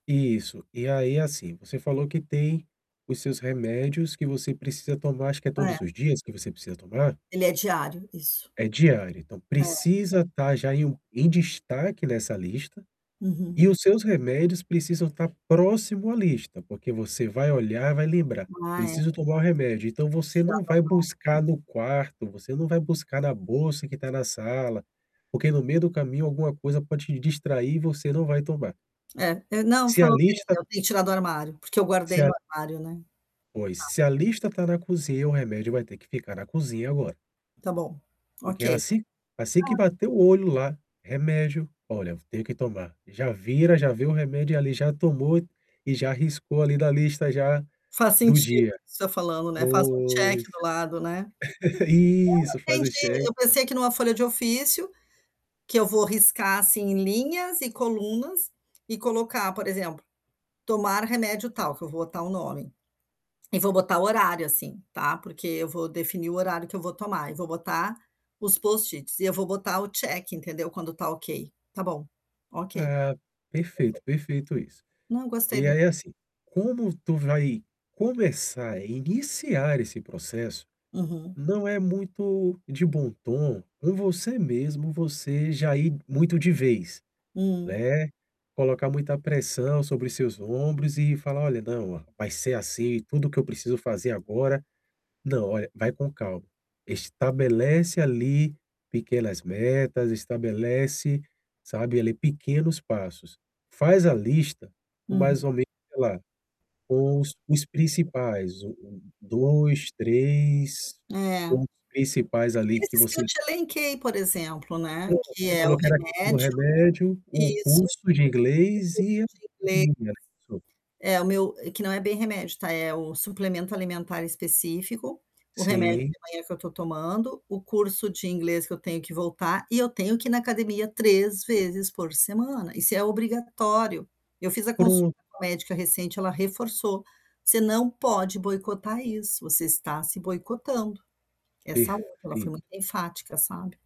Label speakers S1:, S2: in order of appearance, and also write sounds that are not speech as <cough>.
S1: Isso, e aí, é assim, você falou que tem os seus remédios que você precisa tomar, acho que é
S2: É.
S1: todos os dias que você precisa tomar?
S2: Ele é diário. Isso.
S1: É diário, então
S2: É.
S1: precisa estar já em um em destaque nessa lista.
S2: Uhum.
S1: E os seus remédios precisam estar próximo à lista, porque você vai olhar e vai lembrar:
S2: Ah, é verdade.
S1: "Preciso tomar o remédio". Então você
S2: Tirar
S1: não
S2: do
S1: vai
S2: armário,
S1: buscar
S2: né?
S1: no quarto, você não vai buscar na bolsa que tá na sala, porque, no meio do caminho, alguma coisa pode te distrair e você não vai tomar.
S2: É. Eh, não.
S1: Se a
S2: Falou bem,
S1: lista
S2: eu tenho que tirar do armário, porque eu
S1: Se
S2: guardei no
S1: a
S2: armário, né.
S1: Pois.
S2: Tá.
S1: Se a lista tá na cozinha, o remédio vai ter que ficar na cozinha agora
S2: Tá bom,
S1: porque ela
S2: ok.
S1: si assim que
S2: Tá.
S1: bater o olho lá, remédio. "Olha, eu tenho que tomar". Já vira já vê o remédio ali, já tomou e já riscou ali da lista, já,
S2: Faz
S1: do
S2: sentido isso
S1: dia.
S2: que você falando, né. Faz um check
S1: Pois.
S2: do lado, né.
S1: <laughs>
S2: Eu
S1: Isso,
S2: não
S1: faz o
S2: entendi,
S1: cheq
S2: eu pensei aqui numa folha de ofício, que eu vou riscar, assim, linhas e colunas, e colocar, por exemplo, tomar remédio tal, que eu vou botar o nome. E vou botar o horário, assim, tá, porque eu vou definir o horário que eu vou tomar, e vou botar os Post-its e eu vou botar o check, entendeu, quando tá ok. Tá bom, ok. Perfeito.
S1: Ah, perfeito, perfeito isso.
S2: Não, gostei
S1: E
S2: da
S1: aí, é assim, como tu vai começar, iniciar esse processo,
S2: Uhum.
S1: não é muito de bom tom, com você mesmo, você já ir muito de vez,
S2: Hum.
S1: né, colocar muita pressão sobre seus ombros e falar: "Olha, não, ó, vai ser assim, tudo que eu preciso fazer agora". Não. Olha, vai com calma. Estabelece ali pequenas metas. Estabelece, sabe, ali, pequenos passos. Faz a lista com mais
S2: Uhum.
S1: ou menos, sei lá, com os os principais, o o 2, 3,
S2: É.
S1: pontos principais, ali, que
S2: Esses que eu
S1: você
S2: te elenquei, por exemplo né,
S1: Pronto,
S2: que
S1: você
S2: é
S1: falou
S2: o
S1: que era a questão do
S2: remédio.
S1: remédio, o
S2: Isso, o
S1: curso
S2: curso
S1: de inglês e
S2: de inglês
S1: <unintelligible>
S2: é o meu eh, que não é bem remédio, tá, é o suplemento alimentar específico, o remédio
S1: Sim.
S2: da manhã que eu tô tomando, o curso de inglês que eu tenho que voltar e eu tenho que ir na academia 3 vezes por semana. Isso é obrigatório. Eu fiz a consulta
S1: Pro
S2: com a médica recente, ela reforçou: "Você não pode boicotar isso, você está se boicotando". Essa última ela foi
S1: Perfeito.
S2: muito enfática, sabe?